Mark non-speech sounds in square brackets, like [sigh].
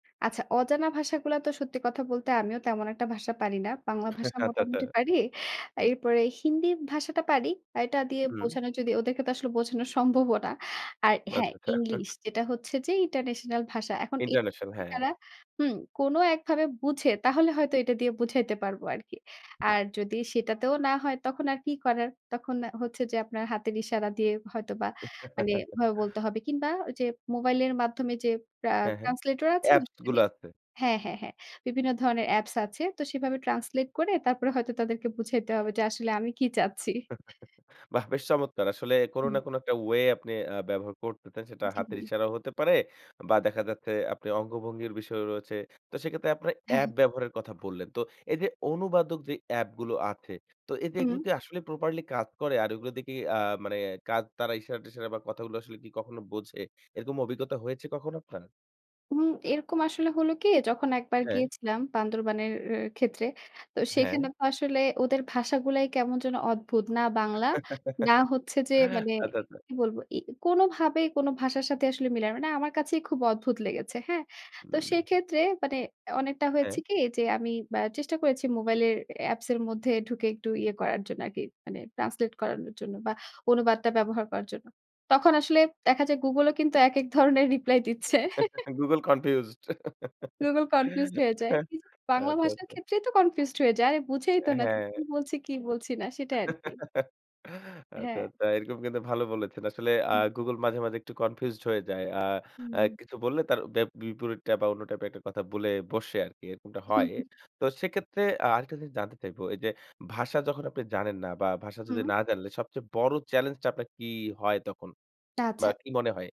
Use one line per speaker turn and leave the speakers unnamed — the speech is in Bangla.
আচ্ছা। অজানা ভাষাগুলা তো সত্যি কথা বলতে আমিও তেমন একটা ভাষা পারি না। বাংলা
হ্যাঁ,
ভাষা
হ্যাঁ টাটা।
মোটামুটি পারি এরপরে হিন্দি ভাষাটা পারি। এটা দিয়ে
হুম।
বোঝানো যদি ওদেরকে তো আসলে বোঝানো সম্ভবও না। আর হ্যাঁ
[unintelligible]
ইংলিশ
[chuckles]
যেটা হচ্ছে যে ইন্টারন্যাশনাল ভাষা। এখন এ
ইন্টারন্যাশনাল হ্যাঁ।
তারা হুম কোনো একভাবে বুঝে তাহলে হয়তো এটা দিয়ে বুঝাইতে পারবো আরকি। আর যদি সেটাতেও না হয় তখন আর কি করার। তখন আ হচ্ছে যে আপনার হাতের ইশারা দিয়ে হয়তোবা মানে
[chuckles]
ওভাবে বলতে হবে কিংবা ওইযে মোবাইলের মাধ্যমে যে আ
হ্যাঁ, হ্যাঁ।
ট্রান্সলেটর আছে না?
অ্যাপস গুলা
[unintelligible]
আছে।
হ্যাঁ, হ্যাঁ, হ্যাঁ বিভিন্ন ধরনের অ্যাপস আছে। তো সেভাবে ট্রান্সলেট করে তারপরে হয়তো তাদেরকে বুঝাইতে হবে যে আসলে আমি কি চাচ্ছি।
[chuckles] বাহ্! বেশ চমৎকার। আসলে কোনো না
হুম।
কোনো একটা ওয়ে আপনি আ ব্যবহার করতে চান সেটা
জি,
হাতের
জি।
ইশারাও হতে পারে। বা দেখা যাচ্ছে আপনি অঙ্গভঙ্গির বিষয়ও রয়েছে। তো সেক্ষেত্রে আপনারা
হ্যাঁ,
অ্যাপ
হ্যাঁ।
ব্যবহারের কথা বললেন তো, এইযে অনুবাদক যে অ্যাপ গুলো আছে তো এ এগুলো
হুম।
কি আসলে properly কাজ করে? আর এগুলো দিয়ে কি আ মানে কাজ তারা ইশারা-টিশারা বা কথাগুলো আসলে কি কখনো বোঝে? এরকম অভিজ্ঞতা হয়েছে কখনো আপনার?
হুম রকম আসলে হলো কি যখন একবার
হ্যাঁ।
গিয়েছিলাম বান্দরবানের ক্ষেত্রে। তো
হ্যাঁ।
সেখানে তো আসলে ওদের ভাষাগুলাই কেমন যেন অদ্ভুত না বাংলা না
[chuckles]
হচ্ছে যে মানে
আচ্ছা, আচ্ছা।
কি বলবো এ কোনোভাবেই কোনো ভাষার সাথে আসলে মিলে না। মানে আমার কাছেই খুব অদ্ভুত লেগেছে। হ্যাঁ? তো
হুম।
সেক্ষেত্রে মানে অনেকটা হয়েছে
হ্যাঁ।
কি যে, আমি আ চেষ্টা করেছি মোবাইলের অ্যাপস এর মধ্যে ঢুকে একটু ইয়ে করার জন্য আরকি মানে ট্রান্সলেট করানোর জন্য বা অনুবাদটা ব্যবহার করার জন্য। তখন আসলে দেখা যায় গুগলও কিন্তু একেক ধরনের রিপ্লাই দিচ্ছে।
[chuckles]
[chuckles]
গুগল কনফিউজড
গুগল কনফিউজড হয়ে যায়
[chuckles]
নিজের বাংলা
আচ্ছা,
ভাষার
আচ্ছা।
ক্ষেত্রেই তো কনফিউজড হয়ে যায়। আরে বুঝেই
আ
তো না কি
হ্যাঁ।
বলছে কি বলছি না সেটাই আরকি।
[chuckles] আচ্ছা,
হ্যাঁ।
আচ্ছা। এরকম কিন্তু ভালো বলেছেন আসলে আ
হুম।
গুগল মাঝে, মাঝে একটু কনফিউজড হয়ে যায়। আ অ্যা
হুম।
কিছু বললে তার ব্যা বিপরীতটা বা অন্য টাইপ এ একটা কথা বলে বসে আরকি এরকমটা
হুম,
হয়।
হুম।
তো সেক্ষেত্রে আ আরেকটা জিনিস জানতে চাইবো এইযে ভাষা যখন আপনি জানেন না বা ভাষা যদি
হুম।
না জানলে সবচেয়ে বড় চ্যালেঞ্জটা আপনার কি হয় তখন বা
আচ্ছা।
কি মনে হয়?